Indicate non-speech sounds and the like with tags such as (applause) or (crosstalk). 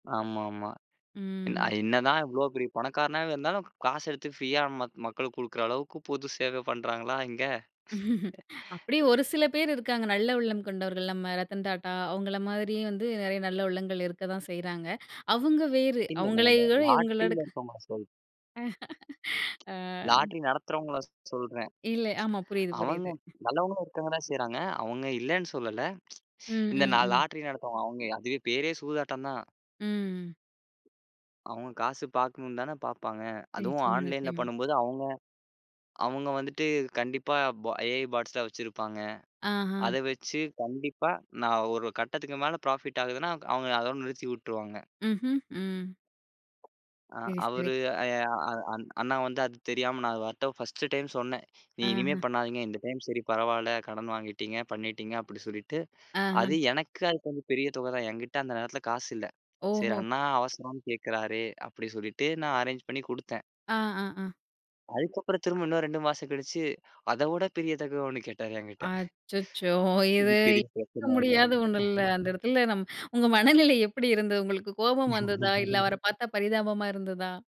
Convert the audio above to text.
ஆமாம்மா. அ ம். இ என்னதான் இவ்ளோ பெரிய பணக்காரனா இருந்தாலும், காசு எடுத்து ஃப்ரியா ம மக்களுக்குக் குடுக்கிற அளவுக்குப் பொதுச் சேவை பண்றாங்களா இங்க? (laughs) அப்படி ஒரு சில பேர் இருக்காங்க. நல்ல உள்ளம் கொண்டவர்கள். நம்ம ரத்தன் டாடா அவங்களை மாரி வந்து நிறைய நல்ல உள்ளங்கள் இருக்கத்தான் செய்யறாங்க. அவங்க வேறு. இல்ல, நான் அவங்களை இல்ல. இவங்களட இவங்களோட. லாட்ரில இருக்கவங்கள சொல்றேன். (laughs) அ. லாட்டரி நடத்துறவங்கள ஸ் சொல்றேன். இல்ல. ஆமா. புரியுது அவங்க புரியுது. நல்லவங்களும் இருக்காங்க தான் செய்றாங்க. அவங்க இல்லேன்னு சொல்லல. ம். (tsk) இந்த ம். நான் ம். லாட்டரி நடத்துவங்க அவங்க, அதுவே பேரே சூதாட்டம் தான். ம். அவங்க காசு பாக்கணும்னுதானே பாப்பாங்க. அதுவும் நிச்சயமா, ஆன்லைன்ல நிச்சயமா. பண்ணும்போது அவங்க அவங்க வந்துட்டு கண்டிப்பா பா எ.ஐ. பாட்ஸ் எல்லாம் வச்சிருப்பாங்க. அஹா. அதை வச்சு கண்டிப்பா நான் ஒரு கட்டத்துக்கு மேல ப்ராஃபிட் ஆகுதுன்னா அவங்க அதோட நிறுத்தி விட்டுருவாங்க. ம்ஹ்ம். ம். ஆ, சரி சரி. அவரு அ அ அண் அண்ணா வந்து அது தெரியாம நான் அது வாரத்த 1 டைம் சொன்னேன். நீ இனிமே அஹா. பண்ணாதீங்க. இந்த டைம் சரி பரவாயில்ல கடன் வாங்கிட்டீங்க, பண்ணிட்டீங்க அப்படி சொல்லிட்டு அஹா. அது எனக்கு அது கொஞ்சம் பெரிய தொகைதான். என்கிட்ட அந்த நேரத்துல காசு இல்ல. சரி ஓஹோ. அண்ணா அவசரம்னு கேக்குறாரே அப்படி சொல்லிட்டு நான் அரேஞ்ச் பண்ணி கொடுத்தேன். ஆ. ஆ. அ. அதுக்கப்புறம் திரும்ப இன்னொரு 2 மாசம் கழிச்சு அதவிட பெரிய தொகை ஒண்ணு கேட்டாரு என்கிட்ட. அச்சச்சோ! இது இது பெரிய பிரச்சன (unintelligible) முடியாத ஒண்ணு இல்ல. அந்த ஆயிடுச்சு. இடத்துல நம் உங்க மனநிலை எப்படி இருந்தது? உங்களுக்குக் கோபம் வந்ததா? இல்ல (laughs) அவரைப் பார்த்தா பரிதாபமா இருந்ததா?